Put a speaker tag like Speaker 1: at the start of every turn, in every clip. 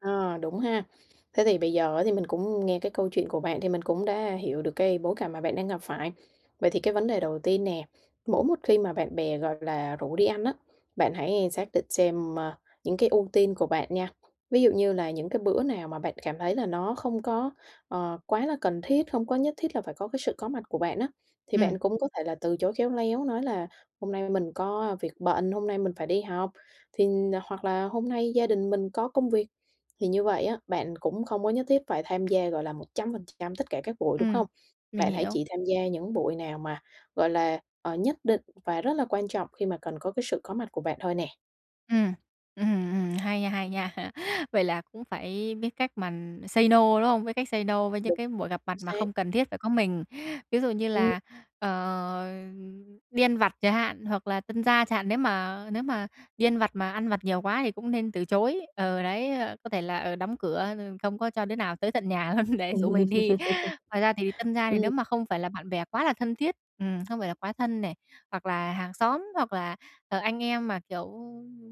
Speaker 1: À, đúng ha. Thế thì bây giờ á, thì mình cũng nghe cái câu chuyện của bạn thì mình cũng đã hiểu được cái bối cảnh mà bạn đang gặp phải. Vậy thì cái vấn đề đầu tiên nè, mỗi một khi mà bạn bè, gọi là, rủ đi ăn á, bạn hãy xác định xem, ơ, những cái ưu tiên của bạn nha. Ví dụ như là những cái bữa nào mà bạn cảm thấy là nó không có, ờ, quá là cần thiết, không có nhất thiết là phải có cái sự có mặt của bạn á, thì
Speaker 2: Ừm.
Speaker 1: bạn cũng có thể là từ chối khéo léo nói là "Hôm nay mình có việc bận, hôm nay mình phải đi học." Thì hoặc là "Hôm nay gia đình mình có công việc." Thì như vậy á, bạn cũng không có nhất thiết phải tham gia, gọi là, 100% tất cả các buổi, đúng
Speaker 2: Ừm,
Speaker 1: hông?
Speaker 2: mình
Speaker 1: Bạn hãy
Speaker 2: hiểu.
Speaker 1: chỉ tham gia những buổi nào mà, gọi là, ờ, nhất định và rất là quan trọng khi mà cần có cái sự có mặt của bạn thôi nè.
Speaker 2: Ừm, ừm, ừm, hay nha, hay nha. Vậy là cũng phải biết cách mà say no, đúng không? Biết cách say no với những
Speaker 1: Đúng,
Speaker 2: cái buổi gặp
Speaker 1: chính
Speaker 2: mặt mà
Speaker 1: xác.
Speaker 2: không cần thiết phải có mình. Ví dụ như
Speaker 1: Ừm.
Speaker 2: là, ờ, đi ăn vặt chẳng hạn hoặc là tân gia chẳng hạn, nếu mà nếu mà đi ăn vặt mà ăn vặt nhiều quá thì cũng nên từ chối. Ừ, đấy, có thể là, ờ, đóng cửa rồi không có cho đứa nào tới tận nhà luôn để rủ mình đi. Ngoài ra thì tân gia thì
Speaker 1: Ừm.
Speaker 2: nếu mà không phải là bạn bè quá là thân thiết, ừm, không phải là quá thân này, hoặc là hàng xóm, hoặc là, ờ, anh em, mà kiểu,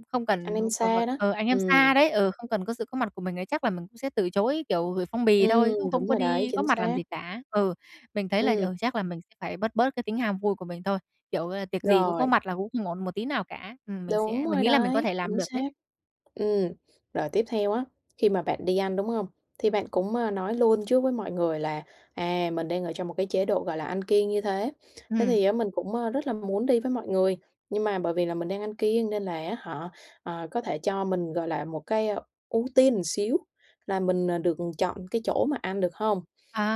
Speaker 2: không
Speaker 1: Anh
Speaker 2: cần,
Speaker 1: em
Speaker 2: ờ, c
Speaker 1: xa
Speaker 2: phải
Speaker 1: đó,
Speaker 2: ờ, anh em
Speaker 1: ừm.
Speaker 2: xa đấy, ừ, không cần có sự có mặt của mình ấy, chắc là mình cũng sẽ từ chối, kiểu, gửi phong bì thôi,
Speaker 1: Ừm,
Speaker 2: chứ không
Speaker 1: đúng
Speaker 2: có
Speaker 1: rồi đấy,
Speaker 2: đi góp
Speaker 1: chính
Speaker 2: mặt làm
Speaker 1: xác.
Speaker 2: gì cả. Ừ, mình thấy là,
Speaker 1: Ừm.
Speaker 2: ừ, chắc là mình sẽ phải bớt bớt cái tính ham vui của mình thôi. Kiểu, à, tiệc gì cũng có
Speaker 1: Rồi.
Speaker 2: mặt là cũng không ổn một tí nào cả. Ừm, mình sẽ
Speaker 1: Đúng
Speaker 2: mình
Speaker 1: rồi
Speaker 2: nghĩ là mình có
Speaker 1: đấy,
Speaker 2: thể làm
Speaker 1: chính
Speaker 2: được đấy.
Speaker 1: xác. Ừm, rồi tiếp theo á, khi mà bạn đi ăn, đúng hông? Thì bạn cũng, a, nói luôn trước với mọi người là, à, mình đang ở trong một cái chế độ, gọi là, ăn kiêng như thế. Thế
Speaker 2: Ừm.
Speaker 1: thì á, mình cũng rất là muốn đi với mọi người, nhưng mà bởi vì là mình đang ăn kiêng nên là á hả, ờ, có thể cho mình, gọi là, một cái, ơ, ưu tiên xíu là mình, à, được chọn cái chỗ mà ăn được hông?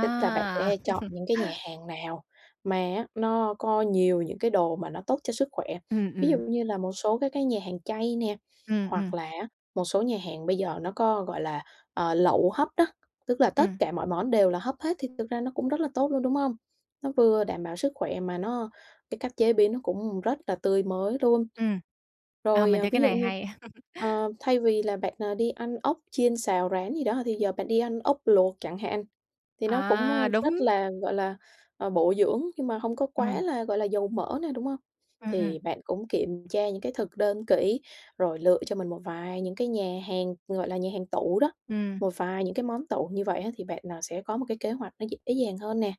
Speaker 1: Tức là bạn sẽ chọn những cái nhà hàng nào mà á, nó có nhiều những cái đồ mà nó tốt cho sức khỏe.
Speaker 2: Ừm,
Speaker 1: Ví dụ
Speaker 2: ừm.
Speaker 1: như là một số các cái nhà hàng chay nè,
Speaker 2: Ừm, ừm.
Speaker 1: hoặc là á, một số nhà hàng bây giờ nó có, gọi là, ờ, lẩu hấp đó. Tức là tất
Speaker 2: Ừm.
Speaker 1: cả mọi món đều là hấp hết thì thực ra nó cũng rất là tốt luôn, đúng hông? Nó vừa đảm bảo sức khỏe mà nó cái cách chế biến nó cũng rất là tươi mới luôn.
Speaker 2: Ừm. Ờ,
Speaker 1: Rồi,
Speaker 2: mình
Speaker 1: ờ,
Speaker 2: thấy cái
Speaker 1: ví dụ
Speaker 2: này
Speaker 1: như,
Speaker 2: hay.
Speaker 1: ờ, thay vì là bạn, ờ, đi ăn ốc chiên xào rán gì đó, thì giờ bạn đi ăn ốc luộc chẳng hạn. Thì nó cũng,
Speaker 2: À,
Speaker 1: ơ, rất
Speaker 2: đúng.
Speaker 1: là, gọi là, ờ, bổ dưỡng nhưng mà không có quá
Speaker 2: Ừm.
Speaker 1: là, gọi là, dầu mỡ nè, đúng hông?
Speaker 2: Ừm, ừm.
Speaker 1: Thì bạn cũng kiểm tra những cái thực đơn kỹ rồi lựa cho mình một vài những cái nhà hàng, gọi là, nhà hàng tủ đó.
Speaker 2: Ừm.
Speaker 1: Một vài những cái món tủ như vậy á, thì bạn, ờ, sẽ có một cái kế hoạch nó dễ dàng hơn nè.